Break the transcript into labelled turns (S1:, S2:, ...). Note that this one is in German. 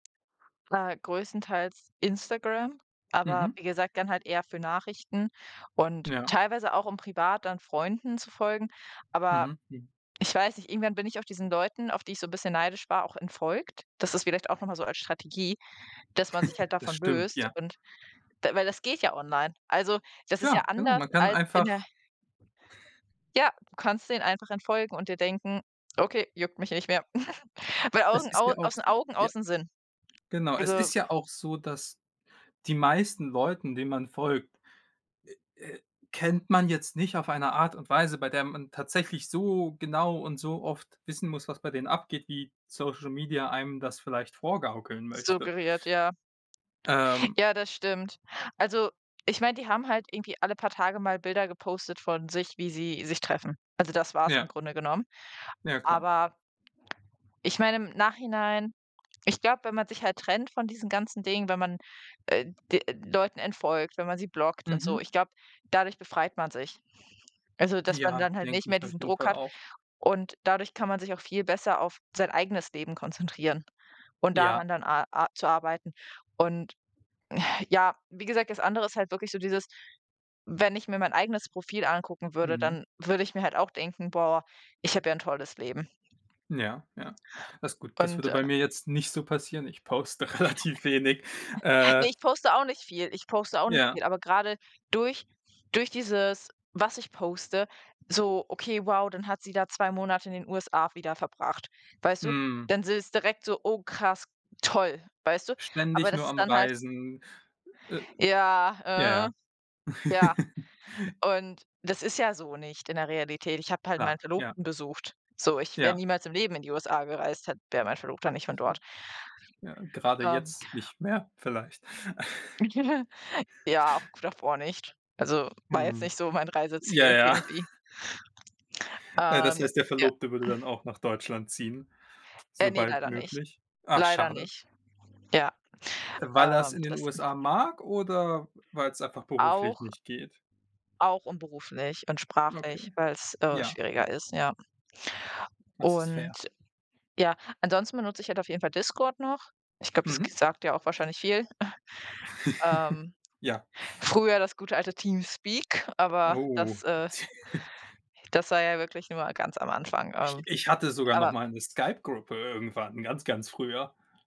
S1: Äh, größtenteils Instagram, aber
S2: Mhm.
S1: wie gesagt, dann halt eher für Nachrichten und
S2: Ja.
S1: teilweise auch, um privat dann Freunden zu folgen. Aber
S2: Mhm, m
S1: ich weiß nicht, irgendwann bin ich auf diesen Leuten, auf die ich so bisschen neidisch war, auch entfolgt. Das ist vielleicht auch noch mal so als Strategie, dass man sich halt
S2: Das
S1: davon
S2: stimmt,
S1: löst
S2: ja.
S1: und d weil das geht ja online. Also, das ist ja
S2: Klar, genau,
S1: anders
S2: man kann
S1: als in der
S2: einfach
S1: Ja, du kannst denen einfach entfolgen und dir denken: „Okay, juckt mich nicht mehr.“ Weil
S2: Es
S1: Augen
S2: ist
S1: au
S2: ja auch
S1: aus
S2: s
S1: den Augen,
S2: ja.
S1: aus dem Sinn.
S2: Genau. Es
S1: Also
S2: ist ja auch so, dass die meisten Leuten, denen man folgt, äh, äh, kennt man jetzt nicht auf eine Art und Weise, bei der man tatsächlich so genau und so oft wissen muss, was bei denen abgeht, wie Social Media einem das vielleicht vorgaukeln möchte.
S1: Suggeriert, ja.
S2: Ähm
S1: Ja, das stimmt. Also, ich meine, die haben halt irgendwie alle paar Tage mal Bilder gepostet von sich, wie sie sich treffen. Also, das war's im
S2: Ja.
S1: Grunde genommen.
S2: Ja, klar.
S1: Aber ich meine im Nachhinein ich glaube, wenn man sich halt trennt von diesen ganzen Dingen, wenn man, äh, d äh, Leuten entfolgt, wenn man sie blockt und so,
S2: Mhm.
S1: ich glaube, dadurch befreit man sich. Also, dass man
S2: Ja,
S1: dann halt nicht
S2: denke
S1: mehr
S2: ich auf
S1: diesen
S2: jeden
S1: Druck
S2: Fall
S1: hat
S2: auch.
S1: und dadurch kann man sich auch viel besser auf sein eigenes Leben konzentrieren und
S2: Ja.
S1: daran dann a a zu arbeiten. Und, ja, wie gesagt, das andere ist halt wirklich so dieses wenn ich mir mein eigenes Profil angucken würde,
S2: Mhm.
S1: dann würde ich mir halt auch denken: „Boah, ich habe ja 'n tolles Leben.“
S2: Ja, ja. Das Gut, das
S1: Und,
S2: würde
S1: äh
S2: bei mir jetzt nicht so passieren. Ich poste relativ wenig. Äh
S1: Ne, ich poste auch nicht viel ich poste auch nicht
S2: Ja.
S1: viel, aber gerade durch durch dieses, was ich poste so: „Okay, wow, dann hat sie da 2 Monate in den USA wieder verbracht.“ Weißt du?
S2: Mhm.
S1: Dann s ist es direkt so: „Oh krass, toll“, weißt du? Aber
S2: Ständig
S1: das
S2: nur
S1: ist
S2: am
S1: dann halt
S2: Reisen. Äh Ja,
S1: Ja.
S2: ja.
S1: Ja und das ist ja so nicht in der Realität. Ich habe halt
S2: Klar,
S1: meinen
S2: ja.
S1: Verlobten besucht, so. Ich wäre
S2: Ja.
S1: niemals im Leben in die USA gereist, halt wäre mein Verlobter nicht von dort.
S2: [unintelligible] Ja, grade
S1: Ähm
S2: jetzt nicht mehr vielleicht.
S1: Ja, auch davor nicht. Also, war jetzt
S2: Mhm.
S1: nicht so mein
S2: Ja,
S1: Reiseziel
S2: ja.
S1: irgendwie.
S2: Äh, das
S1: Ähm
S2: heißt, der
S1: ja.
S2: Verlobte würde dann auch nach Deutschland ziehen,
S1: Äh, ne,
S2: sobald
S1: leider nicht
S2: möglich? Ach,
S1: leider
S2: schade.
S1: nicht. Ja,
S2: Weil er es
S1: ähm,
S2: in den
S1: das
S2: USA mag oder weil's einfach beruflich
S1: Auch
S2: nicht geht?
S1: auch und beruflich und
S2: Okay,
S1: sprachlich, weil's, äh,
S2: ja, w
S1: schwieriger ist, ja.
S2: Das ist
S1: Und
S2: fair.
S1: ja. Ansonsten benutze ich halt auf jeden Fall Discord noch. Ich glaube, das g
S2: Mhm.
S1: sagt ja auch wahrscheinlich viel. Ähm,
S2: Ja.
S1: früher das gute alte TeamSpeak. Aber
S2: Oh.
S1: das, äh das war ja wirklich nur mal ganz am Anfang. Ähm,
S2: Ich ich hatte sogar noch
S1: aber
S2: mal 'ne Skype-Gruppe irgendwann, ganz, ganz früher.